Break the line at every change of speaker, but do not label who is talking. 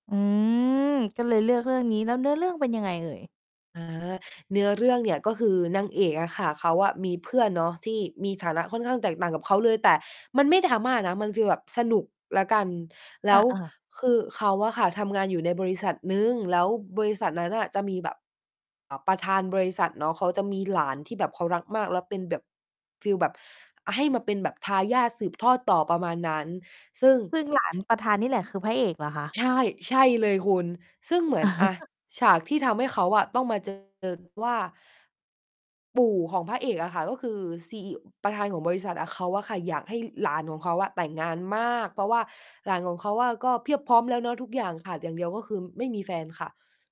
อืม ก็เลยเลือกเรื่องนี้ แล้วเนื้อเรื่องเป็นยังไงเอ่ย?
อา เนื้อเรื่องเนี่ยก็คือนางเอกอะค่ะ เขาอะมีเพื่อนเนาะที่มีฐานะค่อนข้างแตกต่างกับเขาเลย แต่มันไม่ drama นะ มันฟีลแบบสนุกแล้วกัน แล้ว
อา ๆ
คือเขาอะค่ะทำงานอยู่ในบริษัทหนึ่ง แล้วบริษัทนั้นน่ะจะมีแบบ อ่า ประธานบริษัทเนาะ เขาจะมีหลานที่แบบเขารักมาก แล้วเป็นแบบ ฟีลแบบให้มาเป็นแบบทายาทสืบทอดต่อ ประมาณนั้น ซึ่ง
ซึ่ง หลาน ประธานนี่แหละ คือพระเอกเหรอคะ?
ใช่ ใช่เลยคุณ ซึ่งเหมือน อ่า ฉากที่ทำให้เขาอะต้องมา เจอ ว่า ปู่ของพระเอกอะค่ะ ก็คือ CE ประธานของบริษัทอะ เขาอะค่ะอยากให้หลานของเขาอะแต่งงานมาก เพราะว่า หลานของเขาอะก็เพียบพร้อมแล้วเนาะทุกอย่าง ขาดอย่างเดียวก็คือไม่มีแฟนค่ะ